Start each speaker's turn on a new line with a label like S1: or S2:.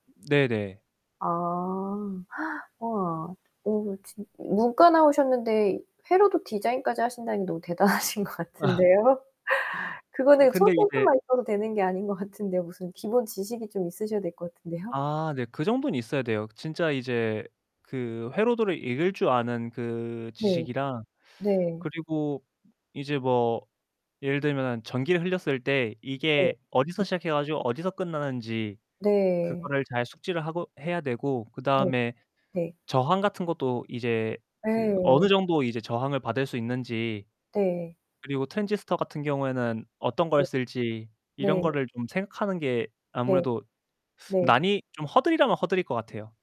S1: 네네.
S2: 아 우와. 오 진 문과 나오셨는데 회로도 디자인까지 하신다니 너무 대단하신 것
S1: 아.
S2: 같은데요.
S1: 어
S2: 그거는
S1: 근데 이제
S2: 손재주만 있어도 되는 게 아닌 것 같은데요. 무슨 기본 지식이 좀 있으셔야 될 것 같은데요.
S1: 아 네. 그 정도는 있어야 돼요. 진짜 이제 그 회로도를 읽을 줄 아는 그
S2: 네.
S1: 지식이랑
S2: 네.
S1: 그리고 이제 뭐 예를 들면은 전기를 흘렸을 때
S2: 네.
S1: 이게 어디서
S2: 음.
S1: 시작해 가지고 어디서 끝나는지
S2: 네.
S1: 그거를 잘 숙지를 하고 해야 되고
S2: 네.
S1: 그다음에
S2: 네.
S1: 저항 같은 것도 이제 그 어느
S2: 예.
S1: 정도 이제 저항을 받을 수 있는지
S2: 네.
S1: 그리고 트랜지스터 같은 경우에는 어떤
S2: 네.
S1: 걸 쓸지 이런
S2: 네.
S1: 거를 좀 생각하는 게
S2: 네.
S1: 아무래도
S2: 네.
S1: 난이 좀 허들이라면 허들일 것 같아요.